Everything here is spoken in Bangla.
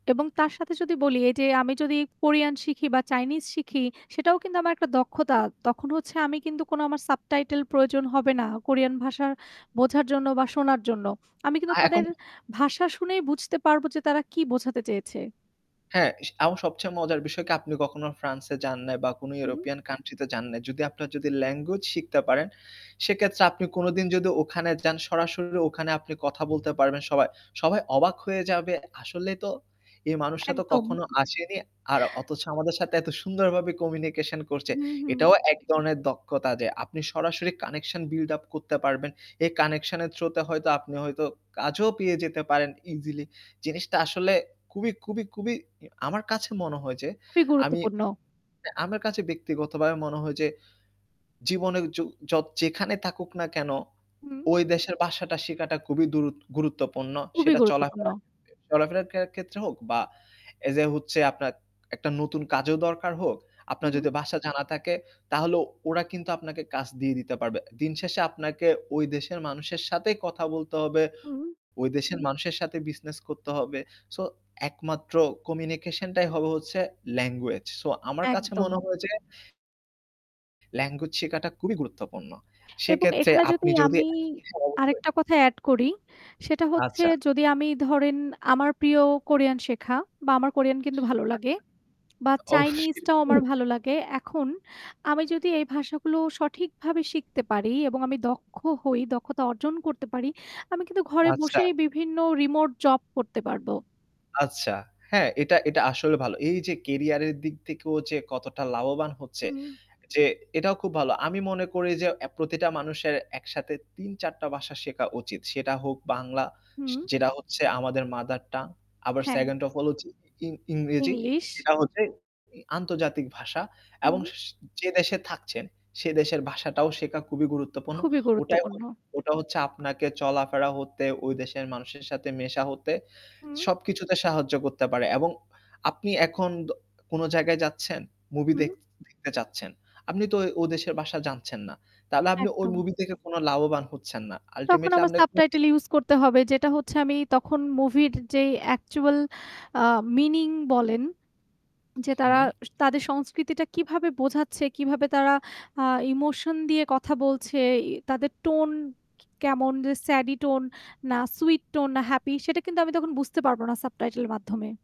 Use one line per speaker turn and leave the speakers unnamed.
এবং তার সাথে যদি বলি, এই যে আমি যদি কোরিয়ান শিখি বা চাইনিজ শিখি, সেটাও কিন্তু আমার একটা দক্ষতা। তখন হচ্ছে আমি কিন্তু কোন আমার সাবটাইটেল প্রয়োজন হবে না কোরিয়ান ভাষা বোঝার জন্য বা শোনার জন্য। আমি
আ
কিন্তু
এখন
তাদের ভাষা শুনেই বুঝতে পারবো যে তারা কি বোঝাতে চেয়েছে।
এস আমার সবচেয়ে মজার বিষয় কি আপনি কখনো ফ্রান্সে যান নাই বা কোন
হু।
ইউরোপিয়ান কান্ট্রি তে যান নাই। যদি আপনারা যদি ল্যাঙ্গুয়েজ শিখতে পারেন, সেক্ষেত্রে আপনি কোনদিন যদি ওখানে যান, সরাসরি ওখানে আপনি কথা বলতে পারবেন সবাই। সবাই অবাক হয়ে যাবে, 'আসলেই তো! এই মানুষটা তো
একদম।
কখনো আসেনি, আর অথচ আমাদের সাথে এত সুন্দরভাবে কমিউনিকেশন করছে।'
হুম, হুম।
এটাও এক ধরনের দক্ষতা যে, আপনি সরাসরি কানেকশন বিল্ড আপ করতে পারবেন। এই কানেকশন এর থ্রুতে হয়তো আপনি হয়তো কাজও পেয়ে যেতে পারেন ইজিলি। জিনিসটা আসলে খুবই খুবই খুবই ই আমার কাছে মনে হয় যে,
খুবই
আমি
গুরুত্বপূর্ণ।
আমার কাছে ব্যক্তিগতভাবে মনে হয় যে, জীবনে য যেখানে থাকুক না কেন
হুম।
ওই দেশের ভাষাটা শিখাটা খুবই দুরুত গুরুত্বপূর্ণ।
খুবই
সেটা
গুরুত্বপূর্ণ।
চলাফেরার ক্ষেত্রে চলাফেরার কে ক্ষেত্রে হোক বা এই যে হচ্ছে আপনার একটা নতুন কাজও দরকার হোক, আপনার
হুম।
যদি ভাষা জানা থাকে, তাহলে ওরা কিন্তু আপনাকে কাজ দিয়ে দিতে পারবে। দিন শেষে আপনাকে ওই দেশের মানুষের সাথেই কথা বলতে হবে,
হুম।
ওই দেশের মানুষের সাথেই বিজনেস করতে হবে। সো, একমাত্র কমিউনিকেশন টাই হবে হচ্ছে ল্যাঙ্গুয়েজ। সো আমার কাছে মনে
একদম।
হয় যে ল্যাঙ্গুয়েজ শেখাটা খুবই গুরুত্বপূর্ণ।
এবং
সেক্ষেত্রে
এখানে
আপনি
যদি
যদি
আমি
হ্যাঁ, অবশ্যই
আরেকটা কথা এড করি, সেটা হচ্ছে,
আচ্ছা।
যদি আমি ধরেন আমার প্রিয় কোরিয়ান শেখা বা আমার কোরিয়ান কিন্তু ভালো লাগে
আচ্ছা,
বা
অবশ্যই
চাইনিজটাও আমার ভালো
[unintelligible]
লাগে। এখন আমি যদি এই ভাষাগুলো সঠিকভাবে শিখতে পারি এবং আমি দক্ষ হই দক্ষতা অর্জন করতে পারি, আমি কিন্তু ঘরে
আচ্ছা।
বসেই বিভিন্ন রিমোট জব করতে পারব।
আচ্ছা হ্যাঁ, এটা, এটা আসলে ভালো। এই যে কেরিয়ারের দিক থেকেও যে কতটা লাভবান হচ্ছে,
হুম।
যে এটাও খুব ভালো। আমি মনে করি যে, অ্যা প্রতিটা মানুষের একসাথে ৩-৪ টা ভাষা শেখা উচিত। সেটা হোক বাংলা সে
হুম।
যেটা হচ্ছে আমাদের মাদার টাং আবার
হ্যাঁ।
2nd ওফ হলো যে ইং ইংরেজি
ইংলিশ।
যেটা হচ্ছে ই আন্তর্জাতিক ভাষা, এবং
হু।
যে দেশে থাকছেন সে দেশের ভাষাটাও শেখা খুবই গুরুত্বপূর্ণ।
খুবই
ওটাই
গুরুত্বপূর্ণ।
ওটা হচ্ছে আপনাকে চলাফেরা হতে, দেশের মানুষের সাথে মেশা হতে,
হুম।
সবকিছুতে সাহায্য করতে পারে। এবং আপনি এখন দ কোন জায়গায় যাচ্ছেন, মুভি
হুম।
দেখতে দেখতে চাচ্ছেন, আপনি তো ও ও দেশের ভাষা জানছেন না, তাহলে আপনি ওই
একদম।
মুভি দেখে কোন লাভবান হচ্ছেন না।
তখন
আল্টিমেটলি
আমার সাবটাইটেল
[unintelligible]
ইউজই করতে হবে। যেটা হচ্ছে, আমি তখন মুভির যেই অ্যাকচুয়াল আ মিনিং বলেন, যে তারা
হুম।
তাদের সংস্কৃতিটা কিভাবে বোঝাচ্ছে, কিভাবে তারা আ ইমোশন দিয়ে কথা বলছে, ই তাদের টোন কি, কেমন যে স্যাডি টোন না সুইট টোন না হ্যাপি, সেটা কিন্তু আমি তখন বুঝতে পারব না সাবটাইটেল এর মাধ্যমে।